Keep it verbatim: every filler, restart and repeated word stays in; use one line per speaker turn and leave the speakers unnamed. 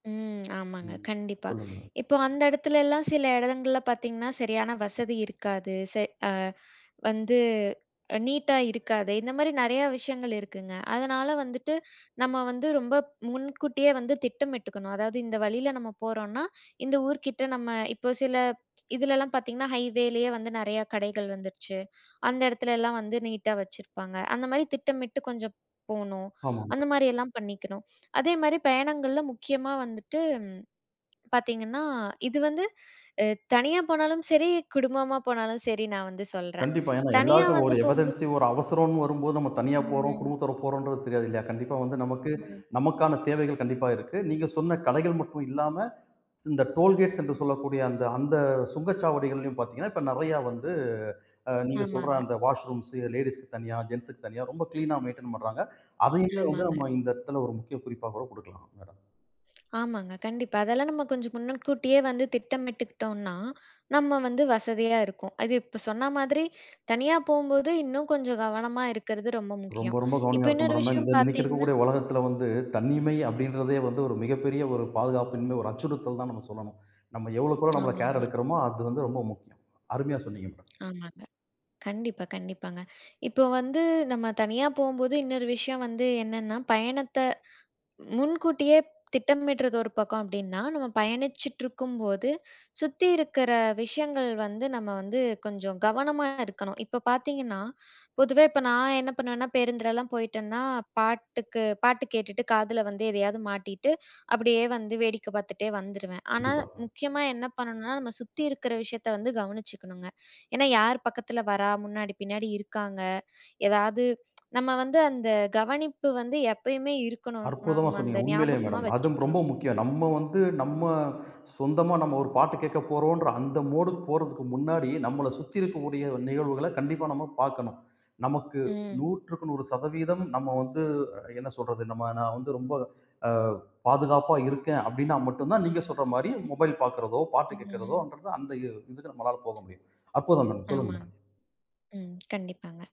ம். ஆமாங்க.
ம்.
கண்டிப்பா.
சொல்லுங்க.
இப்போ அந்த இடத்துலல்லாம் சில இடங்கள்ல பாத்தீங்கன்னா, சரியான வசதி இருக்காது. செ அ வந்து அ நீட்டா இருக்காது. இந்தமாரி நெறையா விஷயங்கள் இருக்குங்க. அதனால வந்துட்டு, நம்ம வந்து ரொம்ப முன்கூட்டியே வந்து திட்டமிட்டுக்கணும். அதாவது இந்த வழியில நம்ம போறோன்னா, இந்த ஊர்க்கிட்ட நம்ம இப்போ சில இதிலலாம் பாத்தீங்கன்னா ஹைவேலேயே வந்து நெறையா கடைகள் வந்துருச்சு. அந்த இடத்துலல்லாம் வந்து நீட்டா வச்சுருப்பாங்க. அந்தமாரி திட்டமிட்டு கொஞ்சம் போணும்.
ஆமாங்க.
அந்த மாரியெல்லாம் பண்ணிக்கணும். அதேமாரி பயணங்கள்ல முக்கியமா வந்துட்டு பாத்தீங்கன்னா, இது வந்து அ தனியா போனாலும், சரி குடும்பமா போனாலும் சரி நான் வந்து சொல்றேன்.
கண்டிப்பா. ஏன்னா,
தனியா
எல்லாருக்கும்
வந்து
ஒரு
போம்போ
எமர்ஜென்சி ஒரு அவசரோன்னு வரும்போது, நம்ம தனியா போறோம்.
ம்.
குடும்பத்தோட போறோம்ன்றது தெரியாது இல்லயா? கண்டிப்பா வந்து நமக்கு,
ம்.
நமக்கான தேவைகள் கண்டிப்பா இருக்கு. நீங்க சொன்ன கடைகள் மட்டும் இல்லாம, இந்த டோல்கேட்ஸ் என்று சொல்லக்கூடிய அந்த அந்த சுங்கச்சாவடிகள்லயும் பாத்தீங்கன்னா, இப்ப நெறைய வந்து அ நீங்க சொல்ற
ஆமாங்க.
அந்த வாஷ் ரூம்ஸ் லேடீஸ்க்கு தனியா, ஜென்ட்ஸ்க்கு தனியா ரொம்ப கிளீனா மெயின்டெயின் ஆ பண்றாங்க. அதையுமே வந்து
ஆமாங்க.
நம்ம இந்த இடத்துல ஒரு முக்கிய குறிப்பா கூட குடுக்கலாம். [unintelligible]
ஆமாங்க, கண்டிப்பா. அதெல்லாம் நம்ம கொஞ்ச முன்னக்கூட்டியே வந்து திட்டமிட்டுக்கிட்டோன்னா, நம்ம வந்து வசதியா இருக்கும். அது இப்போ சொன்ன மாதிரி, தனியா போம்போது இன்னும் கொஞ்சம் கவனமா இருக்கிறது ரொம்ப
ரொம்ப,
முக்கியம்.
ரொம்ப
இப்போ
கவனமா இருக்கனும்
இன்னொரு
மேடம்.
விஷயம்
இந்த இன்னக்கி
பாத்தீங்ன்னா
இருக்கக்கூடிய உலகத்தில வந்து, தன்னிமை அப்பிடின்றதே வந்து, ஒரு மிகப்பெரிய ஒரு பாதுகாப்பின்மை, ஒரு அச்சுறுத்தல் தான் நாம சொல்லணும். நம்ம எவ்வளவுக்கு எவ்வளோ நம்மள
ஆமா,
கேர்
ஆமா.
எடுக்கிறோமோ, அது வந்து ரொம்ப முக்கியம். அருமையா சொன்னீங்க மேடம்.
ஆமாங்க. கண்டிப்பா, கண்டிப்பாங்க. இப்போ வந்து நம்ம தனியா போம்போது இன்னொரு விஷயம் வந்து என்னென்னா, பயணத்த முன்கூட்டியே திட்டமிட்றது ஒரு பக்கம் அப்பிடின்னா, நம்ம பயணிச்சிட்டு இருக்கும்போது, சுத்தி இருக்கிற விஷயங்கள் வந்து நம்ம வந்து கொஞ்சம் கவனமா இருக்கணும். இப்போ பாத்தீங்கன்னா, பொதுவே இப்ப நான் என்ன பண்ணுவேன்னா, பேருந்துலலாம் போயிட்டேன்னா, பாட்டுக்கு பாட்டு கேட்டுட்டு, காதில வந்து எதையாது மாட்டிட்டு, அப்பிடியே வந்து வேடிக்கை பார்த்துட்டே வந்துருவேன். ஆனா,
கண்டிப்பா.
முக்கியமா என்ன பண்ணணுனா, நம்ம சுத்தி இருக்கிற விஷயத்தை வந்து கவனிச்சுக்கணுங்க. ஏன்னா யார் பக்கத்தில வரா, முன்னாடி, பின்னாடி இருக்காங்க. எதாவது நம்ம வந்து அந்த கவனிப்பு வந்து எப்பயுமே இருக்கணும்.
அற்புதமா
நம்ம அந்த
சொன்னீங்க, உண்மையிலேயே
ஞாபகமா
மேடம். அதும்
வச்சுக்கணும்.
ரொம்ப முக்கியம். நம்ம வந்து நம்ம சொந்தமா நம்ம ஒரு பாட்டு கேக்கப் போறோம்ன்ற அந்த மோடுக்கு போறதுக்கு முன்னாடி, நம்மள சுத்தி இருக்கக்கூடிய நிகழ்வுகள கண்டிப்பா நம்ம பாக்கணும். நமக்கு
ம்.
நூறு்றுக்கு நூறு சதவீதம் நம்ம வந்து என்ன சொல்றது, நம்ம நான் வந்து ரொம்ப, ஆ, பாதுகாப்பா இருக்கேன் அப்பிடின்னா மட்டுந்தான், நீங்க சொல்றமாரி மொபைல் பாக்கிறதோ! பாட்டு
ம். ம்.
கேட்கிறதோன்றது அந்த இ இதுக்கு நம்மளால போக முடியும். அப்புறம் தான் சொல்லுங்க
ஆமாங்க.
மேடம்.
ம். கண்டிப்பாங்க.